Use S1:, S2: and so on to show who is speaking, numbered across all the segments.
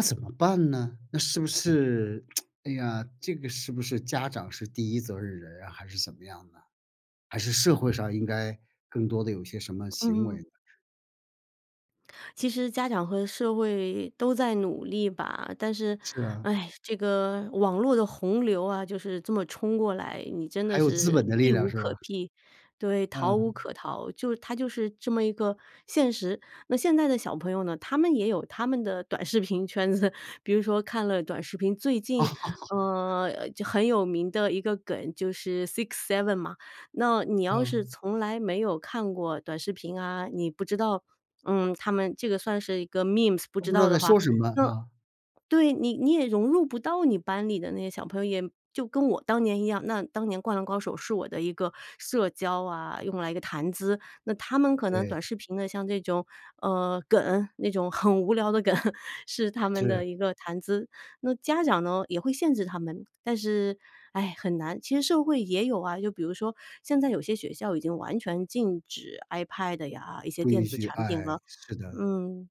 S1: 那怎么办呢？那是不是，哎呀，这个是不是家长是第一责任人啊？还是怎么样呢？还是社会上应该更多地有些什么行为？
S2: 嗯。其实家长和社会，都在努力吧，但是，
S1: 是啊。
S2: 唉，这个，网络的洪流啊，就是这么冲过来，你真的
S1: 还有资
S2: 是，
S1: 本的力
S2: 避
S1: 量
S2: 无
S1: 是
S2: 可
S1: 吧？
S2: 避。对，逃无
S1: 嗯。
S2: 可逃。就它就是这么一个，现实。那现在的小朋友呢，他们也有他们的短视频圈子。比如说看了短视频，最近，呃，就很有名的一个梗，就是 sixseven 嘛。那你要是
S1: 嗯。
S2: 从来没有看过短视频啊，你不知道，嗯，他们这个算是一个 memes，不
S1: 都
S2: 知
S1: 不知
S2: 道
S1: 道在
S2: 的话，
S1: 说什么，
S2: 那
S1: 啊。
S2: 对，你你也融入不到你班里的那些小朋友，也就跟我当年一样，那当年《灌篮高手》，是我的一个社交啊，用来一个谈资。那他们可能
S1: 对。
S2: 短视频的，像这种，呃，梗，那种很无聊的梗，是他们
S1: 是。
S2: 的一个谈资。那家长呢，也会限制他们，但是，唉，很难。其实社会也有啊，就比如说，现在有些学校已经完全禁止 iPad 呀，一些
S1: 不
S2: 电
S1: 允
S2: 子
S1: 许，
S2: 产品
S1: 哎，
S2: 了。
S1: 是的。
S2: 嗯。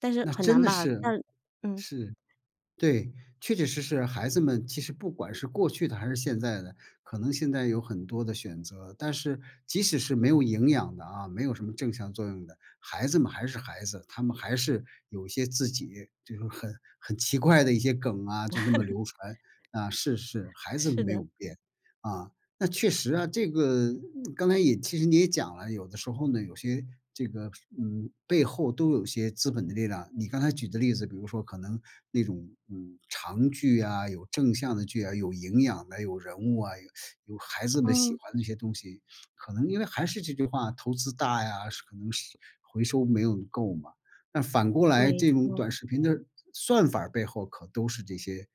S2: 但是
S1: 那
S2: 很
S1: 真
S2: 难
S1: 的
S2: 吧，
S1: 是，
S2: 但嗯。
S1: 是，对。确确实实，孩子们其实不管是过去的还是现在的，可能现在有很多的选择。但是，即使是没有营养的啊，没有什么正向作用的。孩子们还是孩子，他们还是，有一些自己，这种很很奇怪的一些梗啊，就那么 流传，啊，是是，孩子
S2: 是
S1: 没有
S2: 的。
S1: 变。啊，那确实啊，这个，刚才也其实你也讲了，有的时候呢，有些，这个，嗯，背后都有一些资本的力量。你刚才举的例子比如说可能，那种，嗯，长剧啊，有正向的剧啊，有营养的，有人物啊，有有孩子们喜
S2: 嗯。
S1: 欢的一些东西。可能因为还是这句话，投资大呀，是可能是回收没有够嘛。那反过来
S2: 没
S1: 这种
S2: 错。
S1: 短视频的，算法儿背后可都是这些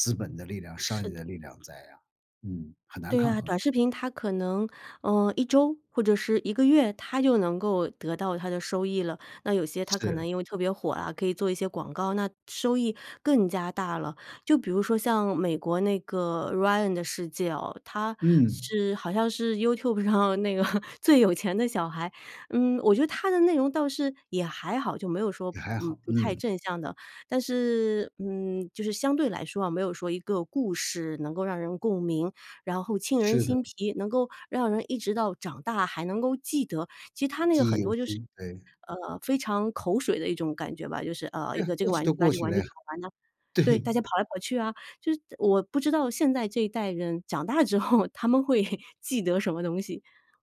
S1: 资本的力量、商
S2: 是
S1: 业
S2: 的。
S1: 的力量在啊，嗯，很难
S2: 对
S1: 抗
S2: 啊，
S1: 衡。
S2: 短视频它可能，呃，1周，或者是1个月，它就能够得到它的收益了。那有些它可能
S1: 是。
S2: 因为特别火啊，可以做一些广告，那收益，更加大了。就比如说像美国那个《Ryan 的世界》哦，他
S1: 嗯。
S2: 是好像是 YouTube 上那个，最有钱的小孩。嗯，我觉得他的内容倒是，也还好，就没有说，
S1: 也还
S2: 嗯，
S1: 好，
S2: 不太
S1: 嗯。
S2: 正向的。但是，嗯，就是相对来说啊，没有说一个故事能够让人共鸣，然后沁人
S1: 是的。
S2: 心脾，能够让人一直到长大还能够记得。其实他那个
S1: 记忆
S2: 很
S1: 犹
S2: 多就是，
S1: 新，对。
S2: 呃，非常口水的一种感觉吧。就是，呃，一
S1: 对，
S2: 个这个
S1: 过去
S2: 玩具
S1: 都
S2: 啊，
S1: 过
S2: 这个
S1: 去
S2: 玩
S1: 了
S2: 具
S1: 呀。
S2: 怎么玩呢，
S1: 对。
S2: 对，大家跑来跑去啊，就是我不知道现在这一代人长大之后，他们会，记得什么东西？